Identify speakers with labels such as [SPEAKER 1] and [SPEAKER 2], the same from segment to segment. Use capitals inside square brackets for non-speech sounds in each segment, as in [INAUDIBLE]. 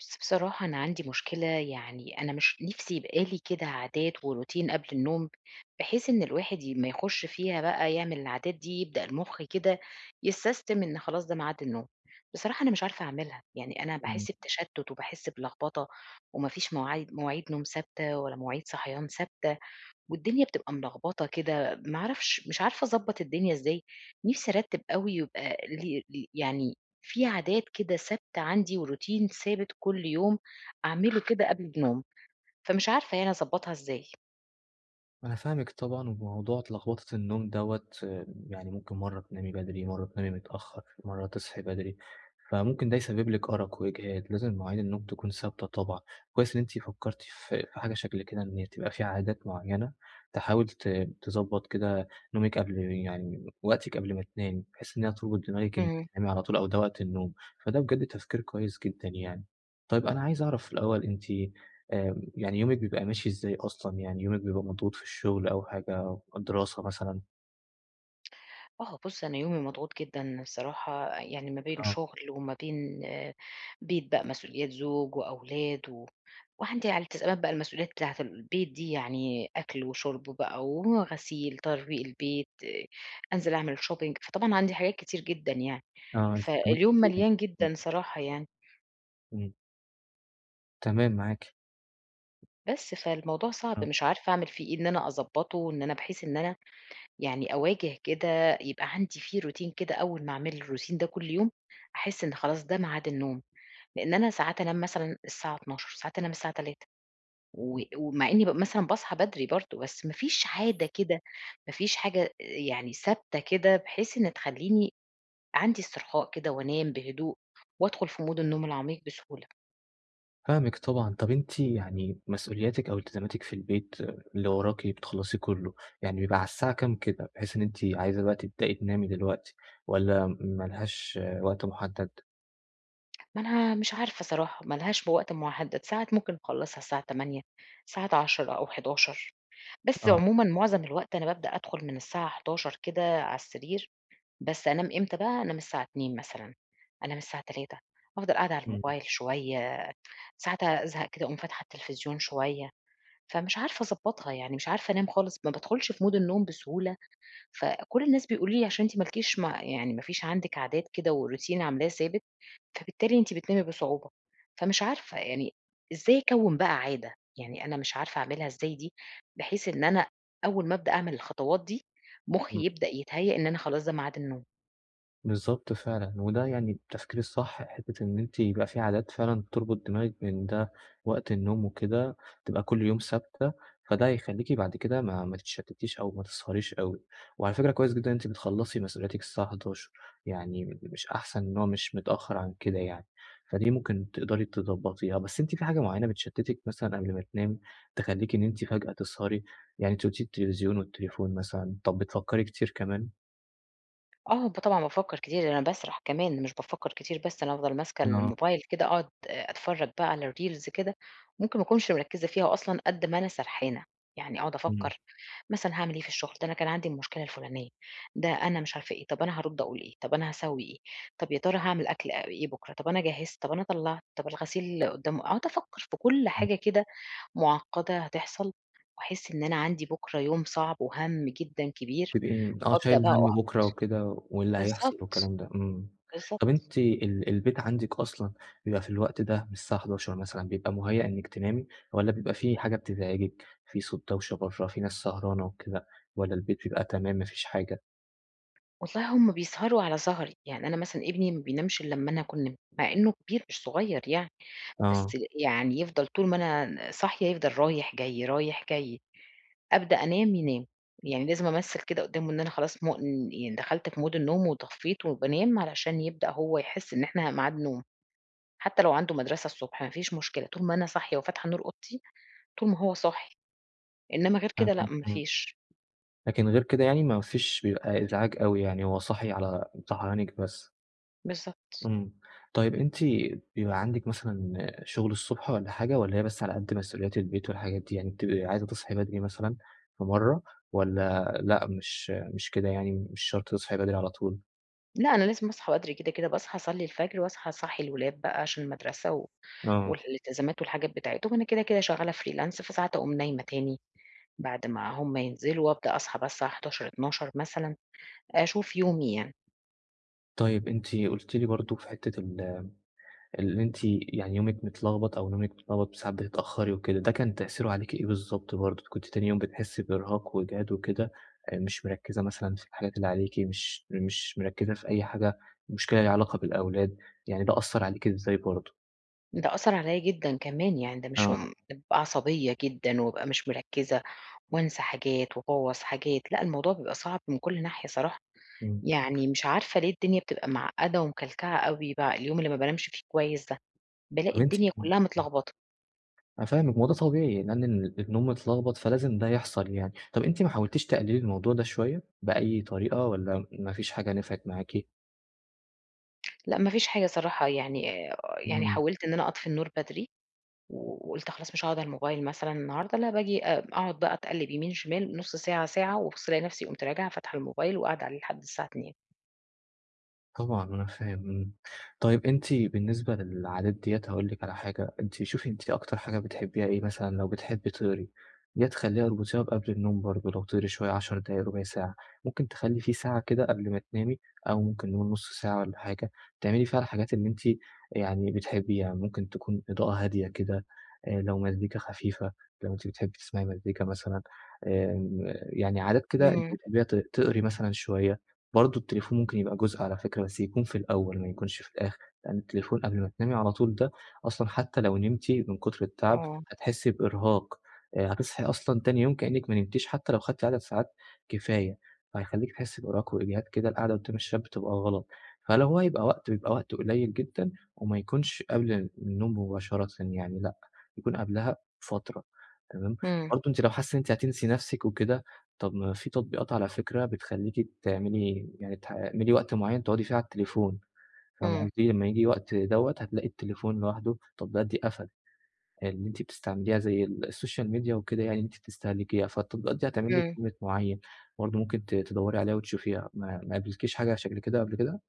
[SPEAKER 1] بس بصراحة أنا عندي مشكلة يعني أنا مش نفسي يبقى لي كده عادات وروتين قبل النوم. بحيث إن الواحد ي أمّا يخُش فيها بقي يعمل العادات دي، يبدأ المُخ كده يسستم إن خلاص، ده ميعاد النوم. بصراحة أنا مش عارفة أعملها، يعني أنا
[SPEAKER 2] إمم.
[SPEAKER 1] باحس بتشتُّت وباحس بلغبطة وما فيش موعي مواعيد نوم ثابتة ولا مواعيد صحيان ثابتة، والدنيا بتبقي ملغبطة كده، ما أعرفش مش عارفة أضبّط الدنيا إزاي؟ نفسي أرتّب أوي يبقى ل ل يعني في عادات كده ثابتة عندي، وروتين ثابت كل يوم أعمله كده قبل النوم. فمش عارفة يعني أضبّطها إزاي؟
[SPEAKER 2] أنا فاهمِك طبعًا، وموضوع ت لغبطة النوم دوّة يعني ممكن مرّة تنامي بدري، مرّة تنامي متأخر، مرّة تصحي بدري، فممكن ده يسبب لِك أرق وإجهاد، لازم مواعيد النوم تكون ثابتة طبعًا، كويس إن أنتِ فكّرتِ في في حاجة شكل كده، إن هي تبقي في عادات معيّنة تحاول ت تضبّط كده نومِك قبل يعني وقتِك قبل ما تنامي، بحيث إن هي تُربط دماغِك إن
[SPEAKER 1] إمم.
[SPEAKER 2] تنامي على طول أو ده وقت النوم، فده بجد تفكير كويس جدًا يعني. طيب أنا عايز أعرف الأول أنتِ، آآ يعني يومِك بيبقي ماشي إزاي أصلًا يعني، يومِك بيبقى مضغوط في الشغل أو حاجة، دراسة مثلًا؟
[SPEAKER 1] آه، بُص، أنا يومي مضغوط جدًا الصراحة، يعني ما بين
[SPEAKER 2] آه.
[SPEAKER 1] شُغل وما بين بيت بقى، مسؤوليات زوج وأولاد و وعندي على التزامات بقى، المسؤوليّات بتاعة ال البيت دي يعني، أكْل وشُرب بقى وغسيل، ترويق البيت، أنزِل أعمل shopping فطبعًا عندي حاجات كتير جدًا يعني،
[SPEAKER 2] آه، الترامات
[SPEAKER 1] فاليوم
[SPEAKER 2] كتيرة يعني،
[SPEAKER 1] مليان
[SPEAKER 2] امم.
[SPEAKER 1] جدًا صراحة يعني.
[SPEAKER 2] إمم. تمام، معاكِ.
[SPEAKER 1] بس، فالموضوع صعب
[SPEAKER 2] آه.
[SPEAKER 1] مش عارفة أعمل فيه إيه؟ إن أنا أضبّطه، إن أنا بحيث إن أنا يعني أواجه كده، يبقى عندي في روتين كده أوّل ما أعمل الروتين ده كل يوم، أحس إن خلاص، ده ميعاد النوم، لأن أنا ساعات أنام مثلًا الساعة 00:00، ساعات أنام الساعة 03:00 و ومع إني بابقى مثلًا باصحى بدري برضه، بس ما فيش عادة كده، ما فيش حاجة أ يعني ثابتة كده، بحيث إن تخلّيني عندي استرخاء كده وأنام بهدوء وأدخل في مود النوم العميق بسهولة.
[SPEAKER 2] فاهمِك طبعًا، طَب أنتِ يعني مسؤوليّاتِك أو التزاماتِك في البيت، اللي وراكِ بتخلَّصيه كله، يعني بيبقى على الساعة كم كده، بحيث إن أنتِ عايزة بقى تبدئي تنامي دلوقتي واّلا م ما لهاش وقت مُحدَّد؟
[SPEAKER 1] ما أنا مش عارفة صراحة، ما لهاش بوقت محدَّد، ساعات ممكن أخلَّصها الساعة 20:00، ساعات 22:00 أو 23:00، بس
[SPEAKER 2] آه.
[SPEAKER 1] عمومًا معظم الوقت أنا بابدأ أدخل من الساعة 23:00 كده على السرير، بس أنام إمتى بقى، أنام الساعة 02:00 مثلًا، أنام الساعة 03:00 أفضَل قاعدة على
[SPEAKER 2] إمم.
[SPEAKER 1] الموبايل شوية، ساعات أزهق كده أقوم فاتحة التلفزيون شوية. فمش عارفة أضبّطها يعني، مش عارفة أنام خالص، ما بادخلش في Mood النوم بسهولة. فكل الناس بيقولوا لي عشان أنتِ ما لكيش م يعني ما فيش عندِك عادات كده وRoutine عاملاه ثابت، فبالتالي أنتِ بتنامي بصعوبة، فمش عارفة يعني إزاي أكوِّن بقى عادة؟ يعني أنا مش عارفة أعمِلها إزاي دي، بحيث إن أنا أول ما ابدأ أعمل الخطوات دي، مخّي
[SPEAKER 2] إمم.
[SPEAKER 1] يبدأ يتهيأ إن أنا خلاص ده ميعاد النوم.
[SPEAKER 2] بالضبط فعلًا، وده يعني التفكير الصح، حتّة بإن أنتِ يبقى في عادات فعلًا تربُط دماغِك إن ده وقت النوم وكده، تبقى كل يوم ثابتة، فده هيخلّيكِ بعد كده ما ما تتشتتيش أو ما تسهريش أوي. وعلى فكرة كويس جدًا إن أنتِ بتخلَّصي مسؤولياتِك الساعة 23:00 يعني مش أحسن، إن هو مش متأخر عن كده يعني، فدي ممكن تقدري تضبّطيها. بس أنتِ في حاجة معيّنة بتشتتِك مثلًا قبل ما تنامي، تخلّيكِ إن أنتِ فجأة تسهري، يعني أنت قُلتِ لي التلفزيون والتليفون مثلًا، طب بتفكري كتير كمان؟
[SPEAKER 1] آه، ده طبعًا، بافكَّر كتير، ده أنا باسرح كمان مش بافكَّر كتير بس. أنا بافضل ماسكة
[SPEAKER 2] آه.
[SPEAKER 1] الموبايل كده، أقعد أ أتفرَّج بقى على الReels كده، ممكن ما أكونش مركِّزة فيها أصلًا، قدّ ما أنا سرحانة، يعني أقعد
[SPEAKER 2] امم.
[SPEAKER 1] أفكَّر مثلًا هاعمل إيه في الشغل، ده أنا كان عندي المشكلة الفلانية، ده أنا مش عارفة إيه، طب أنا هارُدّ أقول إيه، طب أنا هاسوّي إيه، طب يا ترى هاعمل أكل آآ إيه بكرة، طب أنا جهِّزت، طب أنا طلَّعت، طب الغسيل قدّامه أقعد أفكَّر في كل
[SPEAKER 2] تمام.
[SPEAKER 1] حاجة كده معقَّدة هتحصل، وأحسّ إن أنا عندي بكرة يوم صعب وهمّ جدًا كبير،
[SPEAKER 2] تبقي آه،
[SPEAKER 1] وأبدأ
[SPEAKER 2] شايلة
[SPEAKER 1] بقى
[SPEAKER 2] همّ
[SPEAKER 1] أُحبَط.
[SPEAKER 2] بكرة وكده، واللي هيحصل
[SPEAKER 1] بالضبط،
[SPEAKER 2] والكلام ده، إمم. طب
[SPEAKER 1] بالضبط.
[SPEAKER 2] أنتِ ال البيت عندكِ أصلًا بيبقى في الوقت ده من الساعة 23:00 مثلًا، بيبقى مُهيّأ إنكِ تنامي؟ والَّا بيبقى في حاجة بتزعجكِ، في صوت دوشة برّه، في ناس سهرانة وكده، والَّا البيت بيبقى تمام، ما فيش حاجة؟
[SPEAKER 1] والله هم بيسهروا على سهري، يعني أنا مثلًا ابني ما بينامش إلَّا أما أنا أكون نِمت، مع إنه كبير مش صغير يعني، بس
[SPEAKER 2] آه.
[SPEAKER 1] يعني يفضل طول ما أنا ن صاحية يفضل رايح جاي، رايح جاي، أبدأ أنام، ينام، يعني لازم أمثِّل كده قدّامه إن أنا خلاص م يعني دخلت في Mood النوم وطفِّيت وبانام، علشان يبدأ هو يحسّ إن إحنا ميعاد نوم، حتى لو عنده مدرَسَة الصُبح، ما فيش مشكلة، طول ما أنا صاحية وفاتحة نور أوضتي، طول ما هو صاحي، إنمَّا غير
[SPEAKER 2] فاهمِك،
[SPEAKER 1] كده لأ، ما
[SPEAKER 2] آه.
[SPEAKER 1] فيش.
[SPEAKER 2] لكن غير كده يعني ما فيش بيبقى إزعاج أوي يعني، هو صاحي على صحيانكِ بس؟
[SPEAKER 1] بالضبط.
[SPEAKER 2] إمم، طيب أنتِ بيبقى عندِك مثلًا شغل الصبح والًا حاجة، والّا هي بس على قد مسؤوليات البيت والحاجات دي؟ يعني بتبقي عايزة تصحي بدري مثلًا في مرة، والّا لأ، مش مش كده، يعني مش شرط تصحي بدري على طول؟
[SPEAKER 1] لأ، أنا لازم أصحى بدري كده، كده، باصحى أصلّي الفجر وأصحى أصحّي الولاد بقى عشان المدرسة و
[SPEAKER 2] آه.
[SPEAKER 1] والالتزامات والحاجات بتاعتهم وأنا كده، كده شغالة freelance، فساعات أقوم نايمة تاني بعد ما هُم ينزْلوا وأبدأ أصحى بقى الساعة 11:00، 12:00 مثلًا، أشوف يومي يعني.
[SPEAKER 2] طيب أنتِ قُلت لي برضه في حتة ال اللي أنتِ يعني يومِك متلغبط أو نومِك متغلبط وساعات بتتأخري وكده، ده كان تأثيره عليكِ إيه بالضبط؟ برضه كنتِ تاني يوم بتحسّي بإرهاق وإجهاد وكده، آآ، مش مركّزة مثلًا في الحاجات اللي عليكِ، مش مش مركّزة في أي حاجة، مُشْكلة ليها علاقة بالأولاد، يعني ده أثّر عليكِ إزاي برضه؟
[SPEAKER 1] ده أثّر عليّا جدًا كمان يعني، ده مش
[SPEAKER 2] آه.
[SPEAKER 1] هُم بابقى عصبية جدًا وأبقى مش مركّزة وأنسى حاجات وأبوّظ حاجات، لأ، الموضوع بيبقى صعب من كل ناحية صراحة.
[SPEAKER 2] إمم.
[SPEAKER 1] يعني مش عارفة ليه الدنيا بتبقى معقدة ومكلكعة أوي، بع اليوم اللي ما بانامشِ فيه كويس ده، بالاقي
[SPEAKER 2] طب أنتِ
[SPEAKER 1] الدنيا كلها
[SPEAKER 2] [UNINTELLIGIBLE]
[SPEAKER 1] متلغبطة.
[SPEAKER 2] أنا فاهمِك، ما هو ده طبيعي لأن ال النوم متلغبط، فلازم ده يحصل يعني. طب أنتِ ما حاولتيش تقللي الموضوع ده شوية، بأي طريقة والّا مافيش حاجة نفعت معاكِ؟
[SPEAKER 1] لأ ما فيش حاجة صراحة، يعني أ يعني
[SPEAKER 2] امم.
[SPEAKER 1] حاولت إن أنا أطفي النور بدري و وقُلت خلاص مش هاقعد على الموبايل مثلًا النهاردة، لأ باجي أ أقعد بقى أتقلّب يمين، شمال، نص ساعة، ساعة، وأبُص ألاقي نفسي قُمت راجعة فاتحة الموبايل، وقاعدة عليه لحد الساعة 02:00.
[SPEAKER 2] طبعًا أنا فاهم، إمم. طيب أنتِ بالنسبة للعادات ديّة، هاقول لك على حاجة، أنتِ شوفي أنتِ أكتر حاجة بتحبيها إيه؟ مثلًا، لو بتحبي تقري، يا تخلّيها أربطيها بقبل النوم برضه لو تقري شوية، 10 دقايق، 0،25 ساعة. ممكن تخلّي في ساعة كده قبل ما تنامي أو ممكن نقول 0،5 ساعة والّا حاجة، تعملي فيها الحاجات اللي أنتِ يعني بتحبيها، ممكن تكون إضاءة هادية كده، آآ، لو مزيكا خفيفة، لو أنتِ بتحبي تسمعي مزيكا مثلًا، آمم، يعني عادات كده أنتِ
[SPEAKER 1] إمم.
[SPEAKER 2] بتحبيها، تق تقري مثلًا شوية. برضه التليفون ممكن يبقى جزء على فكرة بس يكون في الأول، ما يكونش في الآخر، لإن التليفون قبل ما تنامي على طول ده أصلًا حتّى لو نمتِ من كتر التعب،
[SPEAKER 1] آه.
[SPEAKER 2] هتحسّي بإرهاق، آآ، هتصحي أصلًا تاني يوم كإنِّك ما نمتِيش حتّى لو خدتِ عدد ساعات كفاية فهيخلّيكِ تحسّي بإرهاق وإجهاد كده القعدة قدام الشاشة بتبقى غلط. فلو هو يبقى وقت، بيبقى وقت قليل جدًا، وما يكونش قبل ال النوم مباشرة يعني لأ، يكون قبلها فترة، تمام؟
[SPEAKER 1] إمم.
[SPEAKER 2] برضه أنتِ لو حاسّة إن أنتِ هتنسي نفسِك وكده، طب ما في تطبيقات على فكرة بتخلّيكِ تعملي يعني تح تعملي وقت معيّن تقعدي فيه على التليفون، فاهمة
[SPEAKER 1] إمم.
[SPEAKER 2] قصدي؟ لمّا ييجي وقت دوّة، هتلاقي التليفون لوحده التطبيقات دي قفلت، آآ، اللي أنتِ بتستعمليها، زي ال السوشيال ميديا وكده يعني اللي أنتِ بتستهلكيها، فالتطبيقات دي هتعمل لِك
[SPEAKER 1] إمم.
[SPEAKER 2] Limit معيّن، برضه ممكن ت تدوّري عليها وتشوفيها. ما ما قابلكِيش حاجة على شكل كده قبل كده؟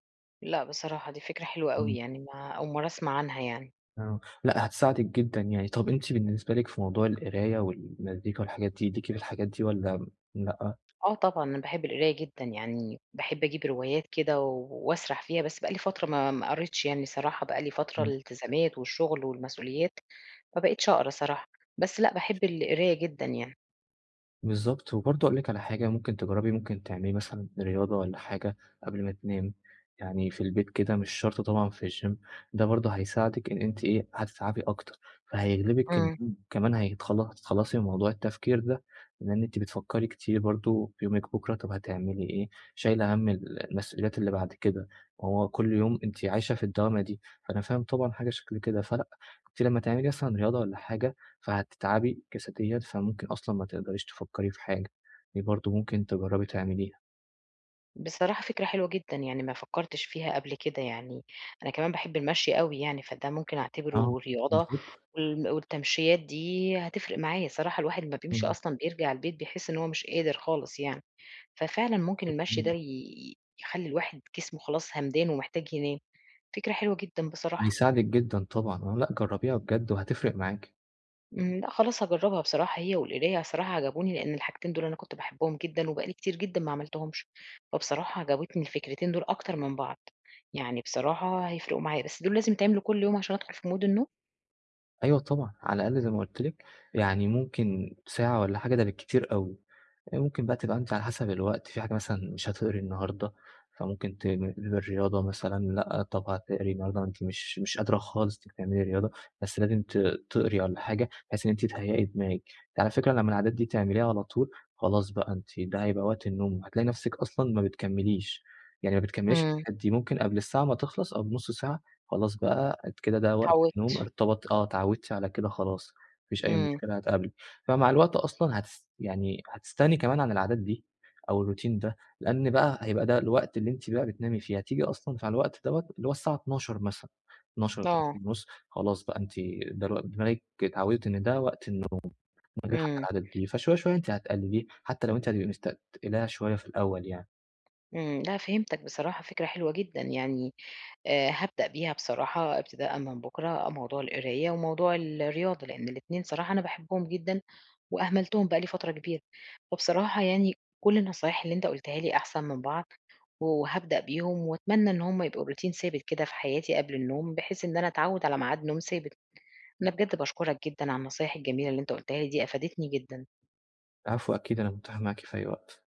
[SPEAKER 1] لأ بصراحة دي فكرة حلوة أوي.
[SPEAKER 2] إمم.
[SPEAKER 1] يعني ما أول مرّة أسمع عنها يعني.
[SPEAKER 2] آه. لأ هتساعدِك جدًا يعني. طب أنتِ بالنسبة لِك في موضوع القراية والمزيكا والحاجات دي، ليكِ في الحاجات دي، والّا امم، لأ؟
[SPEAKER 1] آه طبعًا، أنا باحب القراية جدًا. يعني باحب أجيب روايات كده و واسرح فيها بس بقى لي فترة ما ما قَريتش يعني صراحة، بقى لي فترة
[SPEAKER 2] إمم.
[SPEAKER 1] الالتزامات والشغل والمسؤوليات، ما بقيتش أقرا صراحة، بس لأ، باحب القراية جدًا يعني.
[SPEAKER 2] بالضبط. وبرضه هاقول لِك على حاجة، ممكن تجرّبي ممكن تعملي مثلًا رياضة والّا حاجة قبل ما تنامي، يعني في البيت كده، مش شرط طبعًا في الgym. ده برضه هيساعدِك إن أنتِ إيه، هتتعبي أكتر، فهيغلبِك
[SPEAKER 1] إمم.
[SPEAKER 2] النوم كمان هيتخلص هتتخلّصي من موضوع التفكير ده، لإن أنتِ بتفكّري كتير برضه في يومِك بكرا، طب هتعملي إيه؟ شايلة هَم ال المسؤوليات اللي بعد كده، ما هو كل يوم أنتِ عايشة في الدوامة دي، فأنا فاهم طبعًا حاجة شكل كده. فلأ، أنتِ لمّا تعملي مثلًا رياضة والّا حاجة، فهتتعبي جسديًا، فممكن أصلًا ما تقدريش تفكّري في حاجة. دي برضه ممكن تجرّبي تعمليها.
[SPEAKER 1] بصراحة فكرة حلوة جدًا، يعني ما فكّرتش فيها قبل كده يعني، أنا كمان باحب المشي أوي يعني، فده ممكن
[SPEAKER 2] آه،
[SPEAKER 1] أعتبره رياضة
[SPEAKER 2] بالضبط.
[SPEAKER 1] وال والتَمشيّات دي هتفرق معايا، صراحة الواحد أمّا بيمشي
[SPEAKER 2] إمم.
[SPEAKER 1] أصلًا بيرجع البيت، بيحِس إن هو مش قادر خالص يعني. ففعلًا ممكن
[SPEAKER 2] بالضبط،
[SPEAKER 1] المشي ده
[SPEAKER 2] إمم.
[SPEAKER 1] ي يخلّي الواحد جسمه خلاص هَمدان، ومحتاج ينام. فكرة حلوة جدًا بصراحة.
[SPEAKER 2] هيساعدِك جدًا طبعًا. لأ، جرّبيها بجد، وهتفرق معاكِ.
[SPEAKER 1] امم، لأ خلاص هاجرَّبها بصراحة، هي والقراية، بصراحة عجبوني لأن الحاجتين دول أنا كنت باحبهم جدًا، وبقى لي كتير جدًا ما عملتهُمش، فبصراحة عجبتني الفكرتين دول أكتر من بعض، يعني بصراحة هيفرِقوا معايا، بس دول لازم يتعملوا كل يوم عشان أدخل في Mood النوم؟
[SPEAKER 2] أيوه طبعًا، على الأقل زي ما قُلت لِك يعني ممكن ساعة والَّا حاجة ده بالكتير أوي، ممكن بقى تبقى أنتِ على حسب الوقت، في حاجة مثلًا مش هتقري النهاردة، فممكن ت للرياضة مثلًا لأ، طب هتقري النهاردة أنتِ مش مش قادرة خالص تعملي رياضة، بس لازم ت تقري والَّا حاجة بحيث إن أنتِ تهيأي دماغك. على فكرة لمَّا العادات دي تعمليها على طول، خلاص بقى أنتِ ده هيبقى وقت النوم، هتلاقي نفسك أصلًا ما بتكمّليش، يعني ما بتكمّليش
[SPEAKER 1] امم.
[SPEAKER 2] الحاجات دي، ممكن قبل الساعة ما تخلص أو ب0،5 ساعة، خلاص بقى كده ده وقت النوم،
[SPEAKER 1] اتعوّدت.
[SPEAKER 2] ارتبط آه، اتعودتِ على كده خلاص، ما فيش أي
[SPEAKER 1] امم.
[SPEAKER 2] مشكلة هتقابلِك. فمع الوقت أصلًا هتس يعني هتستغني كمان عن العادات دي، أو الRoutine ده، لأن بقى هيبقى ده الوقت اللي أنتِ بقى بتنامي فيه، هتيجي أصلًا مع الوقت دوَّة اللي هو الساعة 00:00 مثلًا، اتناشر اتناشر
[SPEAKER 1] آه.
[SPEAKER 2] ونُص خلاص بقى، أنتِ ده الو دماغك اتعوِّدت إن ده وقت النوم إنه [UNINTELLIGIBLE] حتى
[SPEAKER 1] امم.
[SPEAKER 2] العادات دي، فشوية شوية أنتِ هتقلّليه، حتى لو أنتِ هتبقى مستتقِلاها شوية في الأوَّل يعني.
[SPEAKER 1] إمم، لأ فهِمتَك، بصراحة فكرة حلوة جدًا، يعني آآ، هابدأ بيها بصراحة ابتداءً من بكرة موضوع القراية وموضوع الرياضة، لأن الإتنين صراحة أنا باحبهم جدًا وأهملتُهم بقى لي فترة كبيرة. فبصراحة يعني كل النصايح اللي أنتَ قلتها لي أحسن من بعض، وهابدأ بيهم وأتمنى إن هم يبقوا Routine ثابت كده في حياتي قبل النوم، بحيث إن أنا أتعوِّد على ميعاد نوم ثابت. أنا بجد باشكُرَك جدًا على النصايح الجميلة اللي أنتَ قُلتها لي دي، أفادِتني جدًا.
[SPEAKER 2] العفو، أكيد أنا متاح معاكِ في أي وقت.